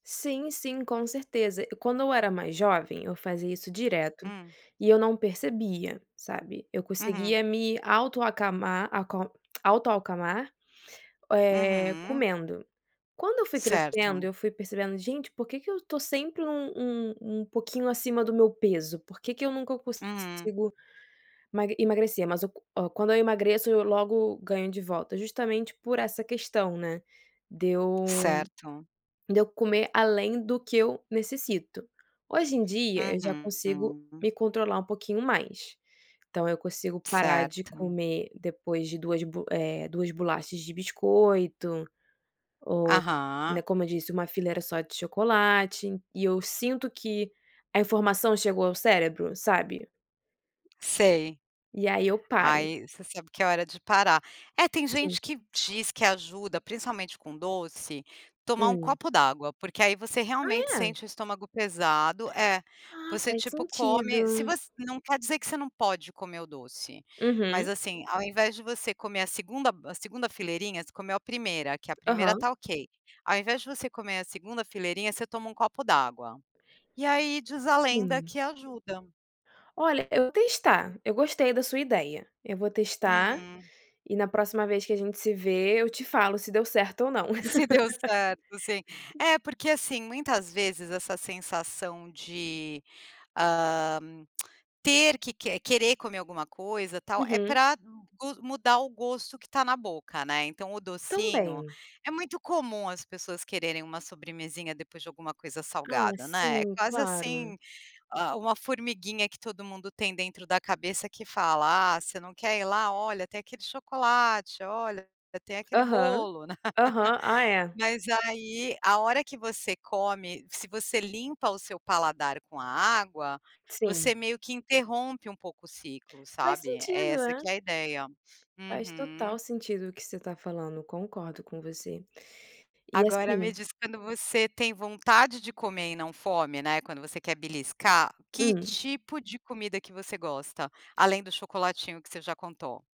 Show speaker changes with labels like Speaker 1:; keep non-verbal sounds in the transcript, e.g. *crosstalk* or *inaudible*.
Speaker 1: Sim, sim. Com certeza. Quando eu era mais jovem, eu fazia isso direto
Speaker 2: Hum.
Speaker 1: e eu não percebia, sabe. Eu
Speaker 2: Uhum.
Speaker 1: conseguia me auto acamar acal auto acalmar, eh,
Speaker 2: Uhum.
Speaker 1: comendo. Quando eu fui crescendo,
Speaker 2: Certo.
Speaker 1: eu fui percebendo: "Gente por que que eu estou sempre um um um um pouquinho acima do meu peso?". Por que que eu nunca
Speaker 2: Hum, hum.
Speaker 1: consigo ema emagrecer, mas qu quando eu emagreço, eu logo ganho de volta, justamente por essa questão, né. Deu
Speaker 2: Certo.
Speaker 1: deu comer além do que eu necessito, hoje em dia, eu já consigo
Speaker 2: Uhum.
Speaker 1: me controlar um pouquinho mais. Então, eu consigo parar de
Speaker 2: Certo.
Speaker 1: comer depois de 2, bo eh, 2 bolachas de biscoito, ou, né,
Speaker 2: Aham.
Speaker 1: como eu disse 1 fileira só de chocolate e eu sinto que a informação chegou ao cérebro, sabe?
Speaker 2: Sei.
Speaker 1: E aí eu paro.
Speaker 2: Aí você sabe que é hora de parar. É tem
Speaker 1: Sim.
Speaker 2: gente que diz que ajuda principalmente com doce, tomar 1
Speaker 1: Hum.
Speaker 2: copo d'água. Porque aí você
Speaker 1: Ah
Speaker 2: realmente
Speaker 1: é?
Speaker 2: sente o estômago pesado é,
Speaker 1: Ah,
Speaker 2: você
Speaker 1: faz
Speaker 2: tipo come, se
Speaker 1: sentido.
Speaker 2: você não quer dizer que você não pode comer o doce, mas
Speaker 1: Uhum.
Speaker 2: assim, ao invés de você comer a 2ª a 2ª fileirinha. Você comeu a 1ª, que a 1ª
Speaker 1: Aham.
Speaker 2: está ok, ao invés de você comer a 2ª fileirinha, você toma 1 copo d'água. E aí diz a lenda
Speaker 1: Sim.
Speaker 2: que ajuda.
Speaker 1: Olha eu vou testar, eu gostei da sua ideia, eu vou testar
Speaker 2: Uhum.
Speaker 1: e na próxima vez que a gente se ver, eu te falo se deu certo ou não.
Speaker 2: Se deu certo, sim.
Speaker 1: *laughs*
Speaker 2: É, porque assim muitas vezes essa sensação de, hã, *clicks tongue* ter que querer comer alguma coisa tal, é
Speaker 1: Uhum.
Speaker 2: para mu mudar o gosto que está na boca, né. Então o docinho,
Speaker 1: Também.
Speaker 2: é muito comum as pessoas quererem uma sobremesinha depois de alguma coisa
Speaker 1: Ah
Speaker 2: salgada, né. É
Speaker 1: sim,
Speaker 2: quase
Speaker 1: claro.
Speaker 2: assim, hã, uma formiguinha que todo mundo tem dentro da cabeça que fala: "Ah, você não quer ir lá, olha, tem aquele chocolate, olha, tem aquele
Speaker 1: Aham,
Speaker 2: bolo."
Speaker 1: aham, ah
Speaker 2: *laughs*
Speaker 1: é.
Speaker 2: Mas aí, a hora que você come, se você limpa o seu paladar com a água,
Speaker 1: Sim.
Speaker 2: você meio que interrompe um pouco o ciclo,
Speaker 1: Faz
Speaker 2: sabe? É
Speaker 1: sentido,
Speaker 2: essa
Speaker 1: né?
Speaker 2: que é a ideia.
Speaker 1: Faz
Speaker 2: Uhum.
Speaker 1: total sentido o que você está falando, concordo com você. E
Speaker 2: Agora me
Speaker 1: assim
Speaker 2: diz quando você tem vontade de comer e não fome, né, quando você quer beliscar, que
Speaker 1: Hum.
Speaker 2: tipo de comida que você gosta? Além do chocolatinho que você já contou.